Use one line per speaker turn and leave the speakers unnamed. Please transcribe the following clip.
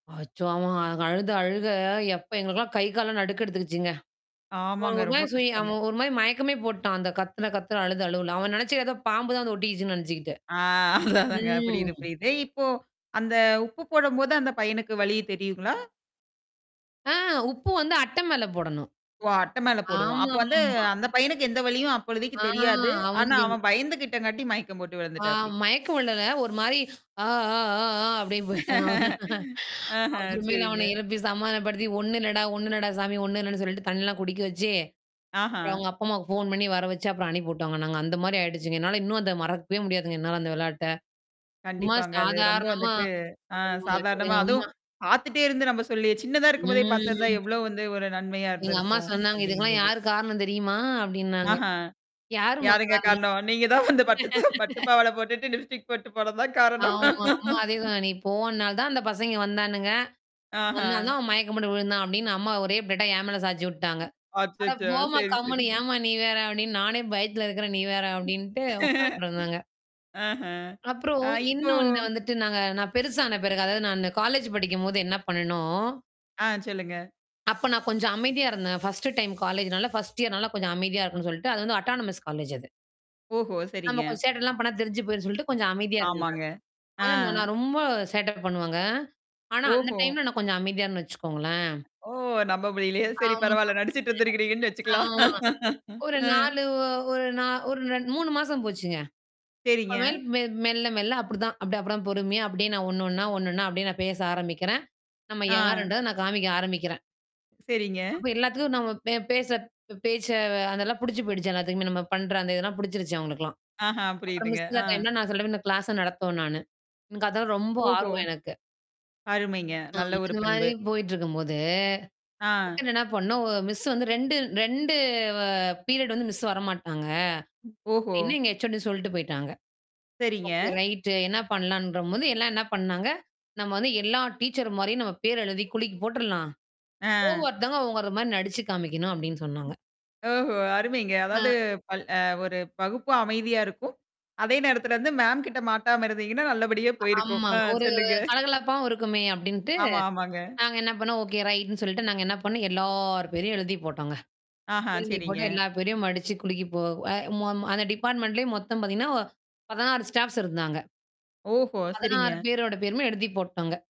அச்சோ! அவன் அழுத அழுக எப்ப எங்களுக்கெல்லாம் கை காலில் நடுக்கம் எடுத்துக்கீச்சிங்க. அவன்
ஆமாங்க.
ஒரு
ரொம்ப
மாதிரி சுயி
கஷ்டங்க.
அவன் ஒரு மாதிரி மயக்கமே போட்டான், அந்தத் கத்துன கத்துல அழுத அழுகையில அவன் நினைச்சி ஏதோ பாம்பு தான் வந்து ஒட்டிடுச்சின்னு நினைச்சிட்டு.
ஆ அதுதான்ங்க
ம்.
புரியுது, புரியுது. இப்போ அந்த உப்பு போடும்போது அந்தப் பையனுக்கு வலி தெரியுங்களா?
ஆ உப்பு வந்து அட்ட மேல போடணும்.
ஓ. அட்ட மேல போடுவோம். அப்போ வந்து
ஆமாமா.
அந்தப் பையனுக்கு எந்த வழியும் அப்பொழுதிக்கு
ஆ
தெரியாது. ஆனா
அவனுக்கு
அவன் பயந்துகிட்ட காட்டியும் மயக்கம் போட்டு
ஆ
விழுந்துடாப்புடி.
மயங்க விழல்ல. ஒரு மாரி "அ அ அ" அப்டின்னு போய்ட்டான்.
ஆஹ
அப்புறம் மேல
சரிங்க.
அவனை எழுப்பிச் சமாதானப்படுத்தி, "ஒண்ணும் இல்லடா, ஒண்ணும் இல்லடா சாமி, ஒண்ணும் இல்லன்னு" சொல்லிட்டுத் தண்ணீர் எல்லாம் குடிக்க வச்சி. அப்புறம்
ஆஹா.
அவங்க அப்பா அம்மாவுக்கு ஃபோன் பண்ணி வர வச்சி அப்புறம் அனுப்பி விட்டோம்ங்க நாங்கள். அந்த மாதிரி ஆகிடுச்சிங்க. என்னால இன்னும் அதை மறக்கவே முடியாதுங்க. என்னால அந்த விளையாட்ட. சும்மா
கண்டிப்பாங்க. அது ரொம்ப
சாதாரணமா
வந்துட்டு ஆ
ஆமா
சாதாரணமா
ஆமா.
அதுவும் பாத்துட்டே இருந்து நாம் சொல்லி சின்னதா இருக்கும்போதே பார்த்திருந்தா
ம்.
எவ்வளவு வந்து ஒரு நன்மையா
எங்க அம்மா
இருந்திருக்கும்
சொன்னாங்க, "இதுக்கெல்லாம்
அப்படிங்கும்போது.
யார் காரணம் தெரியுமா?" அப்படினாங்க.
ஆஹா.
"யார் அம்மா?
யாருங்க
காரணம்"
காரணம்? "நீ தான் வந்து பட்டுச் சட்ட பட்டுப் பாவாடை போட்டுட்டு, லிப்ஸ்டிக் போட்டுப் போனது தான் காரணம்."
ஆமா, ஆமா. அதே தான். "நீ போனனால தான் அந்தப் பசங்க வந்தான்னுங்க,
ஆஹா!
வந்ததால தான் மயக்கம் போட்டு விழுந்தான்னு" அம்மா ஒரே பிளேட்டா என் மேல சாய்ந்து விட்டுவிட்டாங்க. "அட
அச்சச்சோ!
போம்மா
சரி,
கம்மென்னு,
சரிங்
ஏம்மா நீ வேற, அப்படின்னு நானே பயத்தில இருக்கிறேன், நீ வேற" அப்படின்னு உட்கார்ந்துருந்தாங்க.
ஆஹா.
அப்புறம்
ஆ இப்போ
இன்னொன்னு வந்துட்டு நாங்க நான் பெருசான பிறகு, அதாவது நான் அந்த காலேஜ் படிக்கும்பொழுது என்ன பண்ணுணோம்
ஆ சொல்லுங்க.
அப்ப நான் கொஞ்சம் அமைதியா இருந்தேன். ஃபர்ஸ்ட் டைம் காலேஜ்னால, ஃபர்ஸ்ட் இயர்னால கொஞ்சம் அமைதியா இருக்கணும் சொல்லிட்டு அது வந்து அட்டோனமஸ் காலேஜ் அது.
ஓஹோ! சரிங்க.
நாம் கொஞ்சம் சேட்ட எல்லாம் பண்ணுனா தெரிந்து போயிடும்ன்னு சொல்லிட்டு கொஞ்சம் அமைதியா இருந்தேன்
ஆமாங்க. ஆ.
நான். ஆ நா நான் ரொம்பச் சேட்ட பண்ணுவங்க. ஆனா அந்த
ஓஹோ!
டைம்ல நான் கொஞ்சம் அமைதியா இருந்தேன்னு வச்சிக்கோங்களேன்.
ஓ! நம்ப முடியல்லையே! சரி
ஆமா.
பரவால்ல, நடிச்சிட்டு இருக்கிங்கன்னு
[unintelligible]
வச்சிக்கலாம்.
ஆமா ஒரு
அ.
4 ஒரு நா ஒரு 3 மாசம் போச்சுங்க. அ
சரிங்க.
மெ மெல்ல மெல்ல மெல்ல அப்படித்தான் அப்புறம் அப்ப பொறுமையா அப்படியே நான் ஒண்ணு ஒண்ணா, ஒண்ணு ஒண்ணா அப்படியே நான் பேச ஆரமிக்கிறேன், நாம
ஆ.
யாருன்றத நான் காமிக்க ஆரம்பிக்கிறேன்.
சரிங்க.
அப்போ எல்லாருக்கும் நம்ம பே பேசுகிற பேச்சு அதெல்லாம் பிடித்துப் போயிடுச்சி எல்லாருக்குமே நம்ம பண்ணுகிற அந்த இதெல்லாம் பிடிச்சிடுச்சி அவங்களுக்கெல்லாம்.
ஆஹா
அப்புறம்
புரியுதுங்க.
மிஸ் அந்த
ஆ.
இல்லாத டைம்ல் நான் சொல்லுவேன் இந்தச் கிளாஸ்யை நடத்துவேன் நானு. எனக்கு அதெல்லாம் ரொம்ப
ஓஹோ!
ஆர்வம் எனக்கு.
அருமைங்க.
அ
நல்ல ஒரு
அந்த மாரி
பண்பு.
போயிட்டு போது,
ஆ.
டக்குனு என்ன பண்ணுவோம், ஒரு மிஸ் வந்து அ ரெண்டு 2 பீரியட் வந்து எங்க மிஸ் வர மாட்டார்ங்க.
ஓஹோ!
அப்பிடின்னு எங்க HOD சொல்லிட்டுப் போய்ட்டாங்க.
சரிங்க.
ஓகே! ரைட் என்ன பண்ணலாம்ன்ற பொழுது எல்லாரும் என்ன பண்ணாங்க, நாம் வந்து எல்லா டீச்சர் மாதிரியும் நாம் பெயர் எழுதிக் குலுக்கிப் போட்டுடலாம்.
ஆ.
ஒவ்வொருத்தரும் ஒவ்வொரு மாரி நடித்துக் காண்பிக்கணும் அப்படின்னு சொன்னாங்க.
ஓஹோ! அருமைங்க.
ஆ.
அதாவது பல அ ஒரு வகுப்பும் அமைதியாக இருக்கும், அதே நேரத்திலே வந்து மேம் கிட்ட மாட்டாம இருந்தீங்கன்னா, நல்லபடியா போயிருக்கும்.
ஆமா.
அ
ஒரு
சொல்லுங்க.
கலகலப்பா இருக்குமே அப்படின்ட்டு
ஆமா, ஆமாங்க.
நாங்க என்ன பண்ணுனோம், ஓகே! ரைட்ன்னு சொல்லிட்டு நாங்க என்ன பண்ணுனோம் எல்லாப் பேரையும் எழுதிப் போட்டோம்ங்க.
ஆஹா
எழுதிப் போட்டு
சரிங்க.
எல்லாப் பேரையும் மடிச்சிக் குலுக்கிப் போ ம அந்த டிபார்ட்மெண்ட்லேயும் மொத்தம் பார்த்தீங்கன்னா, ஒ 16 ஸ்டாஃப்ஸ் இருந்தாங்க.
ஓஹோ!
16
சரிங்க.
பேர்களோட பேருமே எழுதி போட்டுடோம்ங்க.